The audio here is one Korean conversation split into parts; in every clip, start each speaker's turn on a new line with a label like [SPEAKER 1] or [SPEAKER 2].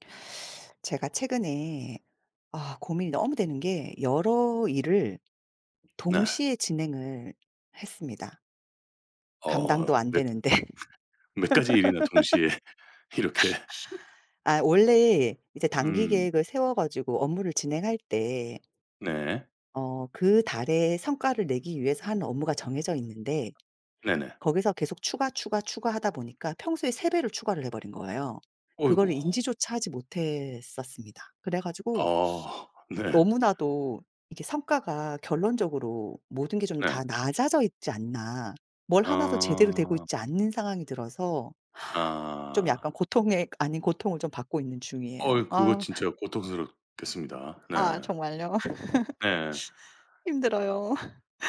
[SPEAKER 1] 제가 최근에 아 고민이 너무 되는게 여러 일을
[SPEAKER 2] 네.
[SPEAKER 1] 동시에 진행을 했습니다
[SPEAKER 2] 어
[SPEAKER 1] 감당도 안
[SPEAKER 2] 몇
[SPEAKER 1] 되는데.
[SPEAKER 2] 몇 가지 일이나 동시에 이렇게
[SPEAKER 1] 아 원래 이제 단기
[SPEAKER 2] 음.
[SPEAKER 1] 계획을 세워 가지고 업무를 진행할 때
[SPEAKER 2] 네.
[SPEAKER 1] 어 그 달의 성과를 내기 위해서 하는 업무가 정해져 있는데
[SPEAKER 2] 네네.
[SPEAKER 1] 거기서 계속 추가, 추가, 추가하다 보니까 평소에 3 배를 추가를 해 버린거에요.
[SPEAKER 2] 어이구.
[SPEAKER 1] 그걸 인지조차 하지 못했었습니다. 그래 가지고
[SPEAKER 2] 아 네.
[SPEAKER 1] 너무나도 이게 '성과가 결론적으로 모든 게 좀
[SPEAKER 2] 네.
[SPEAKER 1] 다 낮아져 있지 않나?' 뭘 하나도 제대로 되고
[SPEAKER 2] 아.
[SPEAKER 1] 있지 않은 상황이 들어서 좀
[SPEAKER 2] 아.
[SPEAKER 1] 약간 고통의 아닌 고통을 받고 있는 중이에요.
[SPEAKER 2] 어이 그거
[SPEAKER 1] 아.
[SPEAKER 2] 진짜 고통스럽겠습니다.
[SPEAKER 1] 아
[SPEAKER 2] 네.
[SPEAKER 1] 정말요?
[SPEAKER 2] 네.
[SPEAKER 1] 힘들어요.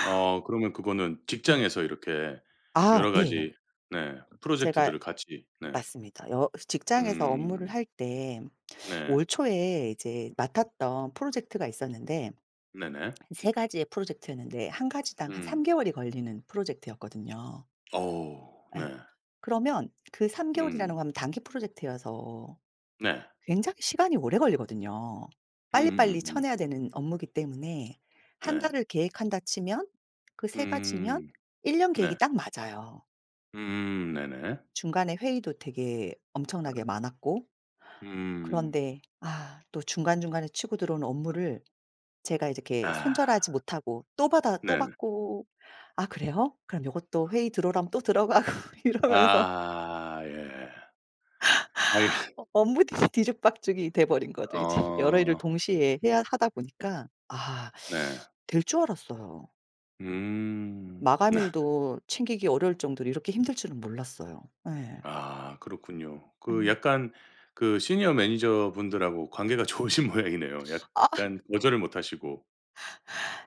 [SPEAKER 2] 어 그러면 그거는
[SPEAKER 1] 네.
[SPEAKER 2] 직장에서 이렇게
[SPEAKER 1] 아
[SPEAKER 2] 여러
[SPEAKER 1] 예.
[SPEAKER 2] 가지 네.
[SPEAKER 1] 제가
[SPEAKER 2] 프로젝트들을 같이 네.
[SPEAKER 1] 맞습니다. 여 직장에서 업무를
[SPEAKER 2] 음.
[SPEAKER 1] 할 때
[SPEAKER 2] 네.
[SPEAKER 1] 올 초에 이제 맡았던 프로젝트가 있었는데
[SPEAKER 2] 네네.
[SPEAKER 1] 3 가지의 프로젝트였는데 1 가지당 한 3
[SPEAKER 2] 음.
[SPEAKER 1] 개월이 걸리는 프로젝트였거든요.
[SPEAKER 2] 어우
[SPEAKER 1] 예
[SPEAKER 2] 네.
[SPEAKER 1] 그러면 그 3 개월이라는
[SPEAKER 2] 음.
[SPEAKER 1] 건 단기 프로젝트여서
[SPEAKER 2] 네.
[SPEAKER 1] 굉장히 시간이 오래 걸리거든요. 빨리빨리
[SPEAKER 2] 음음음음.
[SPEAKER 1] 쳐내야 되는 업무기 때문에 1
[SPEAKER 2] 네.
[SPEAKER 1] 달을 계획한다 치면 그 3 가지면
[SPEAKER 2] 음,
[SPEAKER 1] 1 년 계획이
[SPEAKER 2] 네.
[SPEAKER 1] 딱 맞아요.
[SPEAKER 2] 음 네네.
[SPEAKER 1] 중간에 회의도 되게 엄청나게 많았고
[SPEAKER 2] 예. 음.
[SPEAKER 1] 그런데 아 또 중간중간에 치고 들어오는 업무를 제가 이렇게
[SPEAKER 2] 아.
[SPEAKER 1] 손절하지 못하고 또 받아 또
[SPEAKER 2] 네네.
[SPEAKER 1] 받고 "아 그래요?" 그럼 요것도 회의 들어오라면 또 들어가고 이러면서.
[SPEAKER 2] 아 예. 아 이
[SPEAKER 1] 업 업무들이 뒤죽박죽이 돼 버린 거죠, 이제 여러 일을
[SPEAKER 2] 어.
[SPEAKER 1] 동시에 해야 하다 보니까. 아
[SPEAKER 2] 네.
[SPEAKER 1] 될 줄 알았어요.
[SPEAKER 2] 음. 네.
[SPEAKER 1] 마감일도 챙기기 어려울 정도로 이렇게 힘들 줄은 몰랐어요 예.
[SPEAKER 2] 아 그렇군요. 그
[SPEAKER 1] 예.
[SPEAKER 2] 약간 그 시니어 매니저분들하고 관계가 좋으신 모양이네요.
[SPEAKER 1] 아.
[SPEAKER 2] 약간 거절을 못 하시고.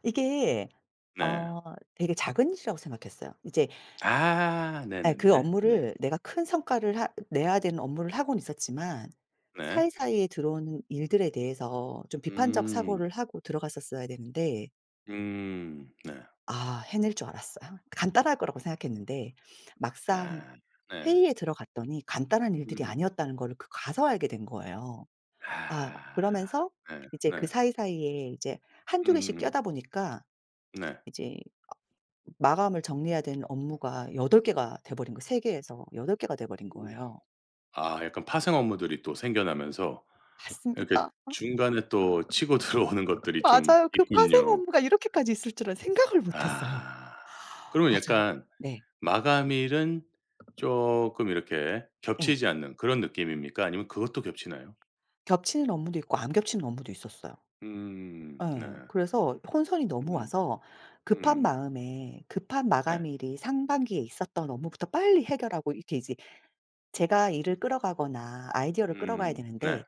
[SPEAKER 1] 이게
[SPEAKER 2] 네.
[SPEAKER 1] 어 되게 작은 이슈라고 생각했어요. 이제
[SPEAKER 2] 아
[SPEAKER 1] 아 그
[SPEAKER 2] 네네네. 네.
[SPEAKER 1] 업무를 내가 큰 성과를 하 내야 되는 업무를 하고는 있었지만
[SPEAKER 2] 네.
[SPEAKER 1] 사이사이에 들어오는 일들에 대해서 좀 비판적
[SPEAKER 2] 음.
[SPEAKER 1] 사고를 하고 들어갔었어야 되는데
[SPEAKER 2] 음. 네.
[SPEAKER 1] 아 해낼 줄 알았어요. 간단할 거라고 생각했는데 막상
[SPEAKER 2] 아. 네.
[SPEAKER 1] 회의에 들어갔더니 간단한 일들이
[SPEAKER 2] 음음.
[SPEAKER 1] 아니었다는 거를 그 가서 알게 된 거예요. 아
[SPEAKER 2] 아.
[SPEAKER 1] 그러면서
[SPEAKER 2] 네
[SPEAKER 1] 이제 그
[SPEAKER 2] 네.
[SPEAKER 1] 사이사이에 이제 1-2 개씩
[SPEAKER 2] 음음음.
[SPEAKER 1] 껴다 보니까
[SPEAKER 2] 네.
[SPEAKER 1] 이제 마감을 정리해야 되는 업무가 8 개가 되버린 거 3 개에서 8 개가 되버린
[SPEAKER 2] 우후.
[SPEAKER 1] 거예요.
[SPEAKER 2] 아 약간 파생 업무들이 또 생겨나면서 이렇게
[SPEAKER 1] 맞습니다.
[SPEAKER 2] 중간에 또 치고 들어오는 것들이 좀
[SPEAKER 1] 맞아요. 그 파생
[SPEAKER 2] 있군요.
[SPEAKER 1] 업무가 이렇게까지 있을 줄은 생각을 못했어요.
[SPEAKER 2] 아. 그러면
[SPEAKER 1] 맞아요.
[SPEAKER 2] 약간
[SPEAKER 1] 네.
[SPEAKER 2] 마감일은 쪼끔 이렇게
[SPEAKER 1] 예.
[SPEAKER 2] 겹치지 않는 그런 느낌입니까? 아니면 그것도 겹치나요?
[SPEAKER 1] 겹치는 업무도 있고 안 겹치는 업무도 있었어요.
[SPEAKER 2] 음 네.
[SPEAKER 1] 예. 그래서 혼선이 너무
[SPEAKER 2] 음.
[SPEAKER 1] 와서 급한
[SPEAKER 2] 음.
[SPEAKER 1] 마음에 급한
[SPEAKER 2] 네.
[SPEAKER 1] 마감일이 상반기에 있었던 업무부터 빨리 해결하고 이렇게 이제 제가 일을 끌어가거나 아이디어를 끌어가야
[SPEAKER 2] 음.
[SPEAKER 1] 되는데
[SPEAKER 2] 네.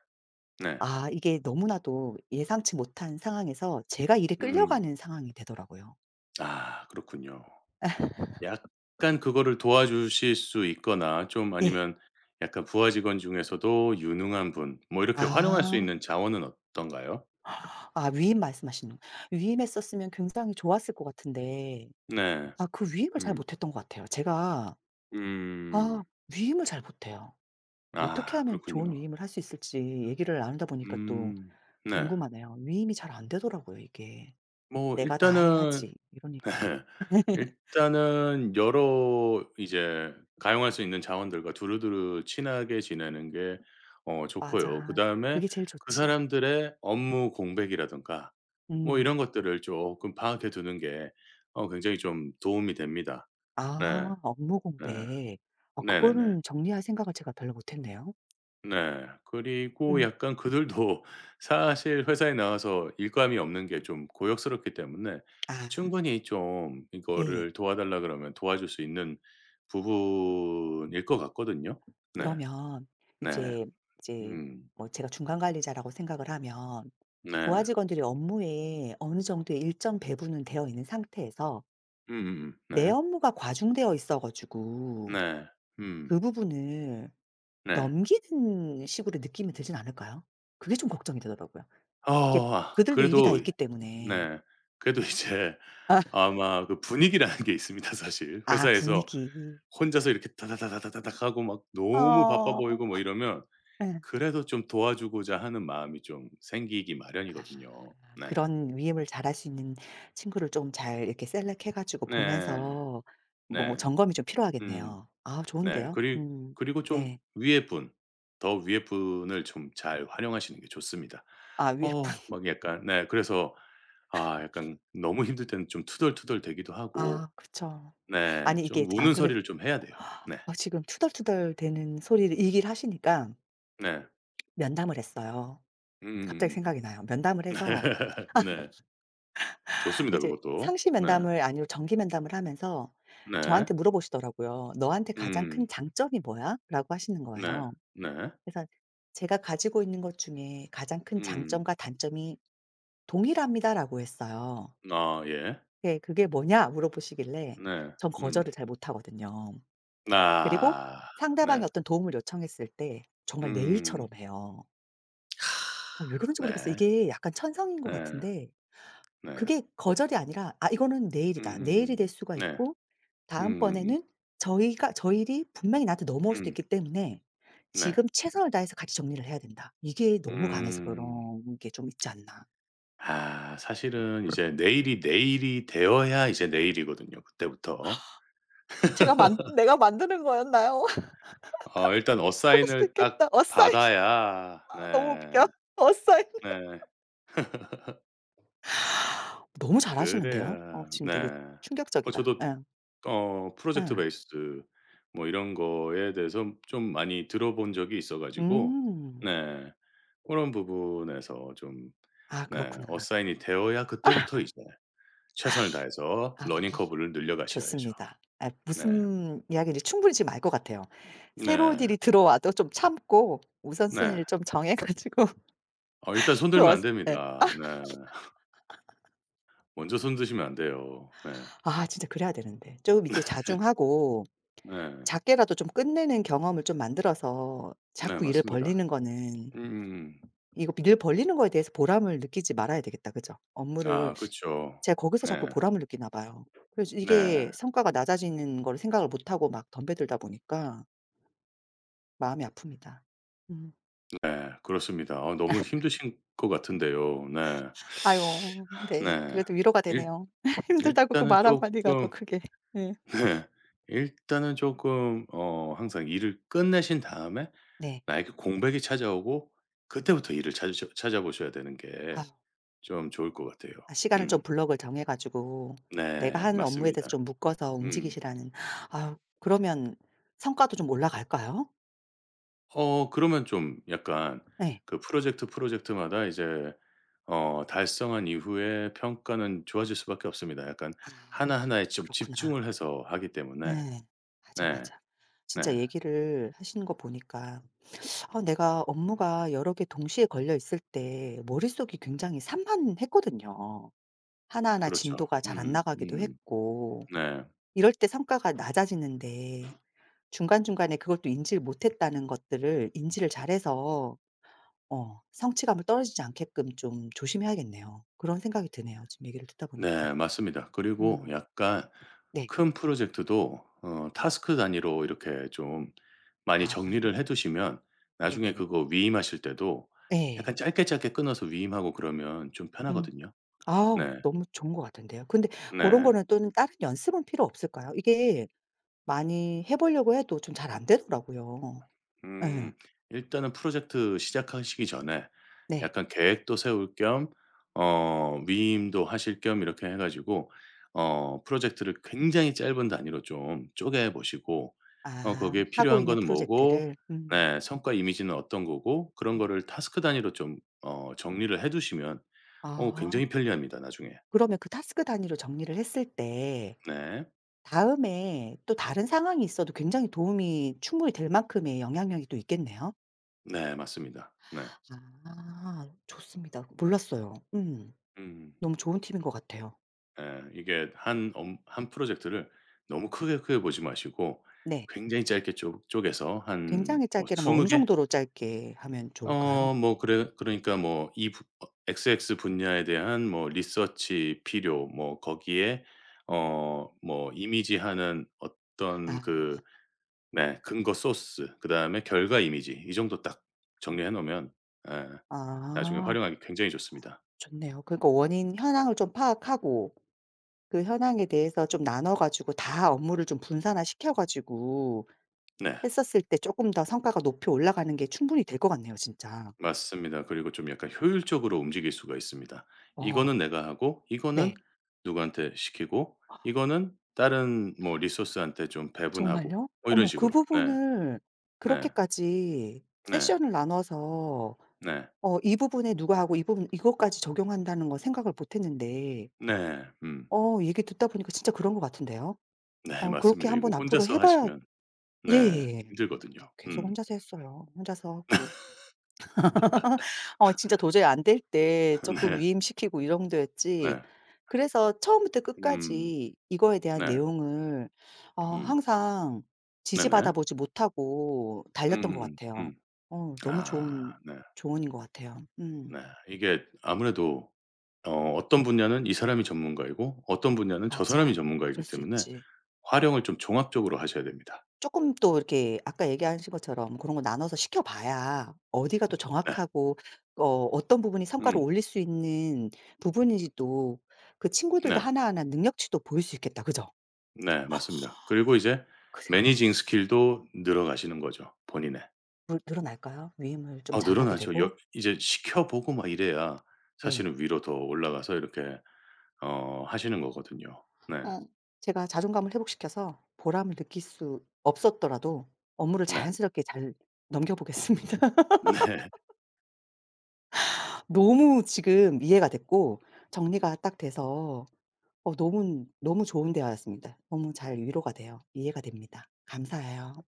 [SPEAKER 2] 네.
[SPEAKER 1] 아 이게 너무나도 예상치 못한 상황에서 제가 일에
[SPEAKER 2] 음.
[SPEAKER 1] 끌려가는 상황이 되더라고요.
[SPEAKER 2] 아 그렇군요. 약간 그거를 도와주실 수 있거나 좀
[SPEAKER 1] 예.
[SPEAKER 2] 아니면 약간 부하 직원 중에서도 유능한 분 뭐 이렇게 활용할 수 있는
[SPEAKER 1] 아.
[SPEAKER 2] 자원은 어떤가요?
[SPEAKER 1] 아 위임 말씀하시는 위임했었으면 굉장히 좋았을 것 같은데
[SPEAKER 2] 네.
[SPEAKER 1] 아 그 위임을 잘
[SPEAKER 2] 음.
[SPEAKER 1] 못했던 것 같아요. 제가
[SPEAKER 2] 음.
[SPEAKER 1] 아 위임을 잘 못해요. 어떻게
[SPEAKER 2] 아
[SPEAKER 1] 하면 좋은
[SPEAKER 2] 그렇군요.
[SPEAKER 1] 위임을 할 수 있을지 얘기를 나누다 보니까 또
[SPEAKER 2] 음. 네.
[SPEAKER 1] 궁금하네요. 위임이 잘 안 되더라고요 이게.
[SPEAKER 2] 뭐
[SPEAKER 1] '내가 다
[SPEAKER 2] 일단은
[SPEAKER 1] 해야지.' 이러니까.
[SPEAKER 2] 네. 일단은 여러 이제 가용할 수 있는 자원들과 두루두루 친하게 지내는 게 어 좋고요.
[SPEAKER 1] 맞아.
[SPEAKER 2] 그다음에
[SPEAKER 1] 그게 제일
[SPEAKER 2] 그
[SPEAKER 1] 좋지.
[SPEAKER 2] 사람들의 업무 공백이라든가 뭐
[SPEAKER 1] 음.
[SPEAKER 2] 이런 것들을 쪼끔 파악해 두는 게 어 굉장히 좀 도움이 됩니다. 네.
[SPEAKER 1] 아 업무
[SPEAKER 2] 네.
[SPEAKER 1] 공백. 어
[SPEAKER 2] 네네네.
[SPEAKER 1] 그거는 정리할 생각을 제가 별로 못했네요.
[SPEAKER 2] 네. 그리고
[SPEAKER 1] 음.
[SPEAKER 2] 약간 그들도 사실 회사에 나와서 일감이 없는게 좀 고역스럽기 때문에
[SPEAKER 1] 아.
[SPEAKER 2] 충분히 좀
[SPEAKER 1] 예예.
[SPEAKER 2] 이거를 도와달라 그러면 도와줄 수 있는 부분일 것 같거든요. 네.
[SPEAKER 1] 그러면
[SPEAKER 2] 네.
[SPEAKER 1] 이제 이제
[SPEAKER 2] 음.
[SPEAKER 1] 뭐 제가 중간 관리자라고 생각을 하면 부하
[SPEAKER 2] 네.
[SPEAKER 1] 직원들이 업무에 어느 정도 일정 배분이 되어 있는 상태에서
[SPEAKER 2] 음음음
[SPEAKER 1] 내
[SPEAKER 2] 네.
[SPEAKER 1] 업무가 과중되어 있어 가지고
[SPEAKER 2] 네. 음.
[SPEAKER 1] 그 부분을
[SPEAKER 2] 네.
[SPEAKER 1] 넘기는 식으로 느낌이 들진 않을까요? 그게 좀 걱정이 되더라고요.
[SPEAKER 2] 어
[SPEAKER 1] 이게
[SPEAKER 2] 아
[SPEAKER 1] 그들도 일이 다
[SPEAKER 2] 그래도
[SPEAKER 1] 있기 때문에.
[SPEAKER 2] 네. 그래도 이제
[SPEAKER 1] 아.
[SPEAKER 2] 아마 그 분위기라는 게 있습니다. 사실.
[SPEAKER 1] 아
[SPEAKER 2] 회사에서
[SPEAKER 1] 분위기.
[SPEAKER 2] 혼자서 이렇게 다다다다다다닥하고 막 너무 바빠
[SPEAKER 1] 아.
[SPEAKER 2] 보이고 뭐 이러면
[SPEAKER 1] 예.
[SPEAKER 2] 그래도 좀 도와주고자 하는 마음이 좀 생기기
[SPEAKER 1] 아
[SPEAKER 2] 마련이거든요. 네.
[SPEAKER 1] 그런 위임을 잘할 수 있는 친구를 좀 잘 이렇게 셀렉해 가지고
[SPEAKER 2] 네.
[SPEAKER 1] 보면서 뭐
[SPEAKER 2] 네.
[SPEAKER 1] 점검이 좀
[SPEAKER 2] 음.
[SPEAKER 1] 필요하겠네요. 아
[SPEAKER 2] 네.
[SPEAKER 1] 좋은데요.
[SPEAKER 2] 그리
[SPEAKER 1] 음
[SPEAKER 2] 그리고 좀
[SPEAKER 1] 네.
[SPEAKER 2] 위에 분, 더 위에 분을 좀 잘 활용하시는 게 좋습니다.
[SPEAKER 1] 아 위에 분?
[SPEAKER 2] 어 막 약간 네 그래서 아 약간 너무 힘들 때는 좀 투덜투덜 대기도 하고
[SPEAKER 1] 아 그쵸.
[SPEAKER 2] 네.
[SPEAKER 1] 아니 이게
[SPEAKER 2] 좀 우는
[SPEAKER 1] 안그래도
[SPEAKER 2] 소리를 좀 해야 돼요. 네.
[SPEAKER 1] 지금 투덜투덜 대는 소리를 얘기를 하시니까.
[SPEAKER 2] 네.
[SPEAKER 1] 면담을 했어요. 갑자기
[SPEAKER 2] 음음음음.
[SPEAKER 1] 생각이 나요. 면담을 해서
[SPEAKER 2] 네. 좋습니다,
[SPEAKER 1] 이제
[SPEAKER 2] 그것도.
[SPEAKER 1] 상시
[SPEAKER 2] 네.
[SPEAKER 1] 면담을 아니고 정기 면담을 하면서
[SPEAKER 2] 네.
[SPEAKER 1] 저한테 물어보시더라고요. "너한테 가장
[SPEAKER 2] 음.
[SPEAKER 1] 큰 장점이 뭐야?"라고 하시는
[SPEAKER 2] 네.
[SPEAKER 1] 거예요.
[SPEAKER 2] 네.
[SPEAKER 1] 그래서 "제가 가지고 있는 것 중에 가장 큰
[SPEAKER 2] 음.
[SPEAKER 1] 장점과 단점이 동일합니다."라고 했어요.
[SPEAKER 2] 아 예.
[SPEAKER 1] 예. "그게 뭐냐?" 물어보시길래
[SPEAKER 2] 네.
[SPEAKER 1] 전
[SPEAKER 2] 음.
[SPEAKER 1] 거절을 잘 못하거든요. 그리고
[SPEAKER 2] 아.
[SPEAKER 1] 상대방이
[SPEAKER 2] 네.
[SPEAKER 1] 어떤 도움을 요청했을 때 정말 내 일처럼
[SPEAKER 2] 음.
[SPEAKER 1] 해요. 아 왜 그런지 모르겠어요
[SPEAKER 2] 네.
[SPEAKER 1] 이게 약간 천성인 것
[SPEAKER 2] 예.
[SPEAKER 1] 같은데
[SPEAKER 2] 네.
[SPEAKER 1] 그게 거절이 아니라 '아 이거는 내 일이다. 내 일이 될
[SPEAKER 2] 음음음
[SPEAKER 1] 수가
[SPEAKER 2] 네.
[SPEAKER 1] 있고
[SPEAKER 2] 음음음.
[SPEAKER 1] 다음번에는 저희가 저 일이 분명히 나한테 넘어올 수도
[SPEAKER 2] 음.
[SPEAKER 1] 있기 때문에
[SPEAKER 2] 네.
[SPEAKER 1] 지금 최선을 다해서 같이 정리를 해야 된다.' 이게 너무 강해서
[SPEAKER 2] 음.
[SPEAKER 1] 그런 게 좀 있지 않나
[SPEAKER 2] 아 사실은 이제 내 일이 내 일이 되어야 이제 내 일이거든요, 그때부터.
[SPEAKER 1] 제가 만 내가 만드는 거였나요? 어
[SPEAKER 2] 어 일단
[SPEAKER 1] 그럴 수도
[SPEAKER 2] 어사인을 딱
[SPEAKER 1] 있겠다. 어사인
[SPEAKER 2] 받아야
[SPEAKER 1] 아 너무
[SPEAKER 2] 네.
[SPEAKER 1] 웃겨. 어사인.
[SPEAKER 2] 네.
[SPEAKER 1] 너무 잘 아시는데요. 어
[SPEAKER 2] 그래야
[SPEAKER 1] 지금 되게
[SPEAKER 2] 네. 어
[SPEAKER 1] 충격적이다.
[SPEAKER 2] 저도
[SPEAKER 1] 예.
[SPEAKER 2] 어 프로젝트
[SPEAKER 1] 예.
[SPEAKER 2] 베이스드 뭐 이런 거에 대해서 좀 많이 들어 본 적이 있어 가지고
[SPEAKER 1] 음.
[SPEAKER 2] 네. 그런 부분에서 좀
[SPEAKER 1] 아
[SPEAKER 2] 네.
[SPEAKER 1] 그렇구나.
[SPEAKER 2] 어사인이 되어야 그때부터 이제 최선을 다해서
[SPEAKER 1] 아
[SPEAKER 2] 러닝 커브를 늘려 가셔야죠.
[SPEAKER 1] 좋습니다. 예
[SPEAKER 2] 네.
[SPEAKER 1] 무슨 이야기를 충분히 지금 알 것 같아요. 새로운
[SPEAKER 2] 네.
[SPEAKER 1] 일이 들어와도 좀 참고
[SPEAKER 2] 네.
[SPEAKER 1] 우선순위를 좀 정해 가지고
[SPEAKER 2] 어 일단 손
[SPEAKER 1] 그
[SPEAKER 2] 들면 안
[SPEAKER 1] 어쓰 예.
[SPEAKER 2] 됩니다. 네. 먼저 손 드시면 안 돼요. 네.
[SPEAKER 1] 아 진짜 그래야 되는데 좀 이제
[SPEAKER 2] 네.
[SPEAKER 1] 자중하고
[SPEAKER 2] 네.
[SPEAKER 1] 작게라도 좀 끝내는 경험을 좀 만들어서
[SPEAKER 2] 네
[SPEAKER 1] 자꾸 일을
[SPEAKER 2] 맞습니다.
[SPEAKER 1] 벌리는 거는
[SPEAKER 2] 음음음.
[SPEAKER 1] 이거 일을 벌리는 거에 대해서 보람을 느끼지 말아야 되겠다, 그죠? 업무를
[SPEAKER 2] 아 그쵸.
[SPEAKER 1] 제가 거기서 자꾸
[SPEAKER 2] 네.
[SPEAKER 1] 보람을 느끼나 봐요. 그래서
[SPEAKER 2] 네.
[SPEAKER 1] 이게 성과가 낮아지는 걸 생각을 못하고 막 덤벼들다 보니까 마음이 아픕니다. 음.
[SPEAKER 2] 네 그렇습니다. 아 너무
[SPEAKER 1] 아.
[SPEAKER 2] 힘드실 것 같은데요. 네.
[SPEAKER 1] 아요 네.
[SPEAKER 2] 네.
[SPEAKER 1] 그래도 위로가
[SPEAKER 2] 일
[SPEAKER 1] 되네요. 힘들다고 그
[SPEAKER 2] 일단은
[SPEAKER 1] 말 1 마디가 더
[SPEAKER 2] 쪼끔
[SPEAKER 1] 크게 예.
[SPEAKER 2] 네. 일단은 쪼끔 어 항상 일을 끝내신 다음에
[SPEAKER 1] 네.
[SPEAKER 2] 나에게 공백이 찾아오고 그 때부터 일을 찾으셔 찾아보셔야 되는 게
[SPEAKER 1] 아.
[SPEAKER 2] 좀 좋을 것 같아요.
[SPEAKER 1] 아 시간을 좀
[SPEAKER 2] 음.
[SPEAKER 1] 블럭을 정해 가지고 내가
[SPEAKER 2] 네
[SPEAKER 1] 하는 업무에
[SPEAKER 2] 맞습니다.
[SPEAKER 1] 대해서 좀 묶어서
[SPEAKER 2] 음.
[SPEAKER 1] 움직이시라는 아우 그러면 성과도 좀 올라갈까요?
[SPEAKER 2] 어 그러면 좀 약간
[SPEAKER 1] 네.
[SPEAKER 2] 그 프로젝트, 프로젝트마다 이제 어 달성한 이후에 평가는 좋아질 수 밖에 없습니다, 약간
[SPEAKER 1] 아
[SPEAKER 2] 하나하나에 좀
[SPEAKER 1] 그렇구나.
[SPEAKER 2] 집중을 해서 하기 때문에.
[SPEAKER 1] 네. 맞아,
[SPEAKER 2] 네.
[SPEAKER 1] 맞아. 진짜
[SPEAKER 2] 네.
[SPEAKER 1] 얘기를 하시는 거 보니까 어 내가 업무가 여러 개 동시에 걸려 있을 때 머릿속이 굉장히 산만했거든요. 하나하나
[SPEAKER 2] 그렇죠.
[SPEAKER 1] 진도가 잘 안
[SPEAKER 2] 음음.
[SPEAKER 1] 나가기도
[SPEAKER 2] 음.
[SPEAKER 1] 했고.
[SPEAKER 2] 네.
[SPEAKER 1] 이럴 때 성과가 낮아지는데 중간중간에 그것도 인지를 못했다는 것들을 인지를 잘해서 어 성취감을 떨어지지 않게끔 좀 조심해야겠네요. 그런 생각이 드네요, 지금 얘기를 듣다 보니까.
[SPEAKER 2] 네 맞습니다. 그리고
[SPEAKER 1] 음.
[SPEAKER 2] 약간
[SPEAKER 1] 네.
[SPEAKER 2] 큰 프로젝트도 어 태스크 단위로 이렇게 좀 많이
[SPEAKER 1] 아.
[SPEAKER 2] 정리를 해 두시면 나중에
[SPEAKER 1] 네네네.
[SPEAKER 2] 그거 위임하실 때도
[SPEAKER 1] 네.
[SPEAKER 2] 약간 짧게, 짧게 끊어서 위임하고 그러면 좀
[SPEAKER 1] 음.
[SPEAKER 2] 편하거든요.
[SPEAKER 1] 아우
[SPEAKER 2] 네.
[SPEAKER 1] 너무 좋은 것 같은데요. 근데 고런
[SPEAKER 2] 네.
[SPEAKER 1] 거는 또는 다른 연습은 필요 없을까요? 이게 많이 해 보려고 해도 좀 잘 안 되더라고요.
[SPEAKER 2] 음,
[SPEAKER 1] 예.
[SPEAKER 2] 일단은 프로젝트 시작하시기 전에
[SPEAKER 1] 네.
[SPEAKER 2] 약간 계획도 세울 겸 어 위임도 하실 겸 이렇게 해 가지고 어 프로젝트를 굉장히 짧은 단위로 좀 쪼개 보시고 어
[SPEAKER 1] 아
[SPEAKER 2] 거기에
[SPEAKER 1] 하고
[SPEAKER 2] 필요한
[SPEAKER 1] 있는
[SPEAKER 2] 거는 뭐고
[SPEAKER 1] 프로젝트를. 음.
[SPEAKER 2] 네. 성과 이미지는 어떤 거고 그런
[SPEAKER 1] 음.
[SPEAKER 2] 거를 태스크 단위로 좀 어 정리를 해 두시면 어 굉장히
[SPEAKER 1] 아.
[SPEAKER 2] 편리합니다, 나중에.
[SPEAKER 1] 그러면 그 태스크 단위로 정리를 했을 때
[SPEAKER 2] 네.
[SPEAKER 1] 다음에 또 다른 상황이 있어도 굉장히 도움이 충분히 될 만큼의 영향력이 또 있겠네요.
[SPEAKER 2] 네 맞습니다. 네.
[SPEAKER 1] 아 좋습니다. 몰랐어요. 음
[SPEAKER 2] 음음.
[SPEAKER 1] 너무 좋은 팁인 것 같아요.
[SPEAKER 2] 예 이게 1 업 1 프로젝트를 너무 크게, 크게 보지 마시고
[SPEAKER 1] 네.
[SPEAKER 2] 굉장히 짧게 쪼 쪼개서 한
[SPEAKER 1] 굉장히
[SPEAKER 2] 뭐
[SPEAKER 1] 짧게라면
[SPEAKER 2] 20
[SPEAKER 1] 어느
[SPEAKER 2] 개?
[SPEAKER 1] 정도로 짧게 하면 좋을까요?
[SPEAKER 2] 어 뭐 그래 그러니까 뭐 이 부 어 XX 분야에 대한 뭐 리서치 필요 뭐 거기에
[SPEAKER 1] 음.
[SPEAKER 2] 어 뭐 이미지하는 어떤
[SPEAKER 1] 아.
[SPEAKER 2] 그 네 근거 소스 그 다음에 결과 이미지 이 정도 딱 정리해 놓으면 예 나중에
[SPEAKER 1] 아.
[SPEAKER 2] 활용하기 굉장히 좋습니다.
[SPEAKER 1] 좋네요. 그러니까 원인 현황을 좀 파악하고 그 현황에 대해서 좀 나눠 가지고 다 업무를 좀 분산화시켜 가지고
[SPEAKER 2] 네.
[SPEAKER 1] 했었을 때 쪼끔 더 성과가 높이 올라가는 게 충분히 될 것 같네요, 진짜.
[SPEAKER 2] 맞습니다. 그리고 좀 약간 효율적으로 움직일 수가 있습니다.
[SPEAKER 1] 어.
[SPEAKER 2] 이거는 내가 하고 이거는
[SPEAKER 1] 네.
[SPEAKER 2] 누구한테 시키고 이거는 다른 뭐 리소스한테 좀
[SPEAKER 1] 어
[SPEAKER 2] 배분하고
[SPEAKER 1] 정말요?
[SPEAKER 2] 뭐 이런
[SPEAKER 1] 어머 그
[SPEAKER 2] 식으로 네.
[SPEAKER 1] 부분을
[SPEAKER 2] 네.
[SPEAKER 1] 그렇게까지
[SPEAKER 2] 네.
[SPEAKER 1] 세션을 나눠서
[SPEAKER 2] 네.
[SPEAKER 1] 어 이 부분에 누가 하고 이 부분 이것까지 적용한다는 걸 생각을 못했는데
[SPEAKER 2] 네. 음.
[SPEAKER 1] 어 얘기 듣다 보니까 진짜 그런 것 같은데요?
[SPEAKER 2] 네
[SPEAKER 1] 어 그렇게
[SPEAKER 2] 맞습니다. 이거
[SPEAKER 1] 한번 앞으로
[SPEAKER 2] 혼자서
[SPEAKER 1] 해 봐야
[SPEAKER 2] 하시면 네.
[SPEAKER 1] 예예예.
[SPEAKER 2] 힘들거든요.
[SPEAKER 1] 음 계속
[SPEAKER 2] 음.
[SPEAKER 1] 혼자서 했어요. 혼자서 하고 어 진짜 도저히 안 될 때 쪼끔
[SPEAKER 2] 네.
[SPEAKER 1] 위임시키고 이 정도였지
[SPEAKER 2] 네.
[SPEAKER 1] 그래서 처음부터
[SPEAKER 2] 음.
[SPEAKER 1] 끝까지 이거에 대한
[SPEAKER 2] 네.
[SPEAKER 1] 내용을 어
[SPEAKER 2] 음.
[SPEAKER 1] 항상
[SPEAKER 2] 네네.
[SPEAKER 1] 지지받아 보지 못하고 달렸던 것
[SPEAKER 2] 음음음.
[SPEAKER 1] 같아요.
[SPEAKER 2] 음.
[SPEAKER 1] 어 너무
[SPEAKER 2] 아.
[SPEAKER 1] 좋은
[SPEAKER 2] 네.
[SPEAKER 1] 조언인 것 같아요.
[SPEAKER 2] 네
[SPEAKER 1] 음.
[SPEAKER 2] 이게 아무래도 어 어떤 분야는 이 사람이 전문가이고 어떤 분야는 저 사람이
[SPEAKER 1] 맞아. 그럴
[SPEAKER 2] 전문가이기
[SPEAKER 1] 수
[SPEAKER 2] 때문에
[SPEAKER 1] 있지.
[SPEAKER 2] 활용을 좀 종합적으로 하셔야 됩니다.
[SPEAKER 1] 쪼끔 또 이렇게 아까 얘기하신 것처럼 그런 거 나눠서 시켜봐야 어디가 더
[SPEAKER 2] 네.
[SPEAKER 1] 정확하고 그 어 어떤 부분이 성과를
[SPEAKER 2] 음.
[SPEAKER 1] 올릴 수 있는 부분인지도 그 친구들도
[SPEAKER 2] 네.
[SPEAKER 1] 하나하나 능력치도 보일 수 있겠다, 그죠?
[SPEAKER 2] 네 맞습니다. 그리고 이제
[SPEAKER 1] 그 생각을 못
[SPEAKER 2] 매니징
[SPEAKER 1] 했어.
[SPEAKER 2] 스킬도 늘어가시는 거죠, 본인의.
[SPEAKER 1] 물 늘어날까요, 위임을 좀
[SPEAKER 2] 어
[SPEAKER 1] 잘하게
[SPEAKER 2] 늘어나죠.
[SPEAKER 1] 되고?
[SPEAKER 2] 여 이제 시켜 보고 막 이래야
[SPEAKER 1] 예.
[SPEAKER 2] 사실은 위로 더 올라가서 이렇게 어 하시는 거거든요. 네.
[SPEAKER 1] 어 제가 자존감을 회복시켜서 보람을 느낄 수 없었더라도 업무를
[SPEAKER 2] 네.
[SPEAKER 1] 자연스럽게 잘 넘겨 보겠습니다.
[SPEAKER 2] 네.
[SPEAKER 1] 너무 지금 이해가 됐고 정리가 딱 돼서 어 너무 너무 좋은 대화였습니다. 너무 잘 위로가 돼요. 이해가 됩니다. 감사해요.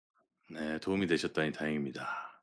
[SPEAKER 2] 네 도움이 되셨다니 다행입니다.